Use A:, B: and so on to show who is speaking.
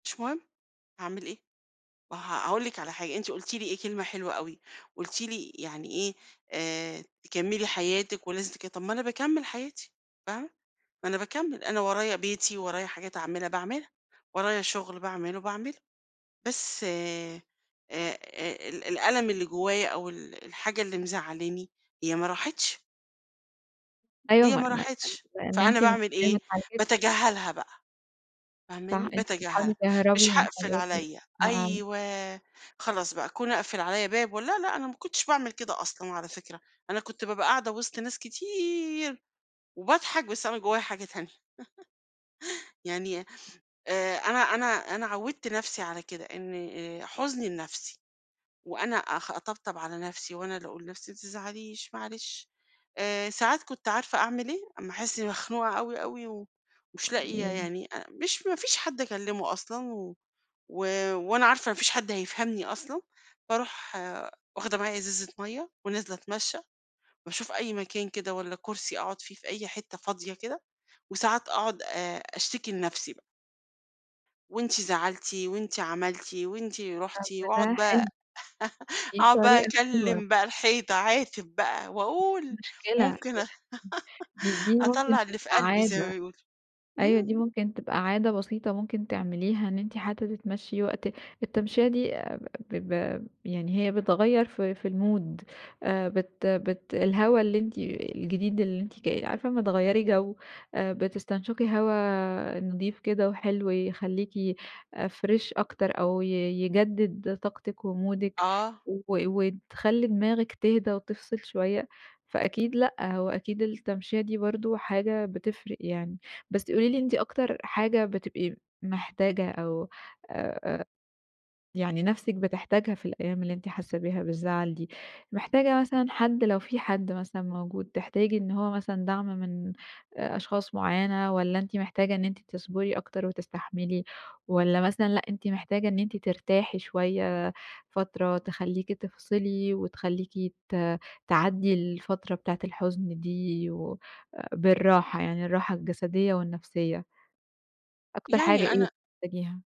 A: مش مهم، هاعمل إيه! ما ه هاقول لِك على حاجة، أنتِ قُلتِ لي إيه، كلمة حلوة أوي، قُلتِ لي يعني إيه، آآ، تكمّلي حياتِك ولازم تك طب ما أنا باكمِل حياتي فاهمة؟ ما أنا باكمّل، أنا ورايا بيتي، ورايا حاجات اعملها، باعملها. ورايا شغل باعمله باعمله. بس آآ آآ، ال الألم اللي جوايا أو ال الحاجة اللي مزعلاني هي ما راحتش
B: أيوه
A: هي
B: ما
A: ما راحتش.
B: ما
A: فأنا باعمل
B: [unintelligible] أنتِ
A: إيه،
B: [unintelligible]
A: باتجاهلها بقى.
B: صح
A: فاهماني؟
B: أنتِ بتحاولي
A: باتجاهلها.
B: تهربي
A: مش
B: من
A: هاقفل
B: حياتِك
A: عليَّ،
B: [unintelligible]
A: أيوه خلاص بقى كون اقفل عليَّ باب و لا، لأ أنا ما كنتش باعمل كده أصلًا على فكرة، أنا كنت بابقى قاعدة وِسط ناس كتير، وباضحك بس أنا من جوايا حاجة تانية، يعني، آآ، أنا أنا أنا عوّدت نفسي على كده إنّي، آآ، حُزني لنفسي، وأنا أخ أطبطب على نفسي، وأنا اللي اقول لنفسي ما تزعليش، معلش. آآ ساعات كنت عارفة أعمل إيه، أمّا احس مخنوقة أوي أوي و ومش لاقية
B: [unintelligible]
A: يعني أ مش ما فيش حد اكلمه أصلًا، و و وأنا عارفة ما فيش حد هيفهمني أصلًا، باروح واخده معايا إزازة مَيّة، ونازلة اتمشى، باشوف أي مكان كده والّا كرسي اقعُد فيه في أي حتة فاضية كده وساعات اقعُد آآ أشتكي لنفسي بقى. وأنتِ زعلتِ، وأنتِ عملتِ، وأنتِ رُحتِ،
B: طب ده
A: واقعُد بقى
B: حلو. دي
A: اقعُد بقى
B: الطريقة الحلوة.
A: أكلم بقى الحيطة، اعاتب بقى واقول.
B: مشكلة يعني
A: ممكن أ
B: دي دي ممكن
A: أطلّع اللي في
B: تبقى
A: قلبي زي ما
B: عادة،
A: بيقولوا.
B: أيوه
A: إمم.
B: دي ممكن تبقى عادة بسيطة ممكن تعمليها، إن أنتِ حتى تتمشي وقت التمشية دي [unintelligible] ب ب يعني هي بتغيّر في في المود آآ بت بت الهوا اللي أنتِ الجديد اللي أنتِ ك عارفة أمّا تغيّري جو آآ بتستنشقي هوا نضيف كده وحلو يخلّيكِ آآ، فريش أكتر أو ي يجدد طاقتِك ومودِك
A: آه.
B: و وتخلّي دماغِك تهدى وتفصل شوية. فأكيد لأ، هو أكيد التمشية دي برضه حاجة بتفرق يعني. بس قولي لي أنتِ أكتر حاجة بتبقي محتاجة أو أ أ يعني نفسِك بتحتاجها في الأيام اللي أنتِ حاسة بيها بالزعل دي. محتاجة مثلًا حد لو في حد مثلًا موجود تحتاجي إن هو مثلًا دَعم من آآ أشخاص معيّنة، والّا أنتِ محتاجة إن أنتِ تصبري أكتر وتستحملي؟ والّا مثلًا لأ أنتِ محتاجة إن أنتِ ترتاحي شوية فترة تخلّيكِ تفصلي، وتخلّيكِ ت تعدي الفترة بتاعة الحُزن دي و أ بالراحة يعني الراحة الجسدية والنفسية؟ أكتر حاجة
A: يعني
B: إيه
A: أنا
B: بتحتاجيها؟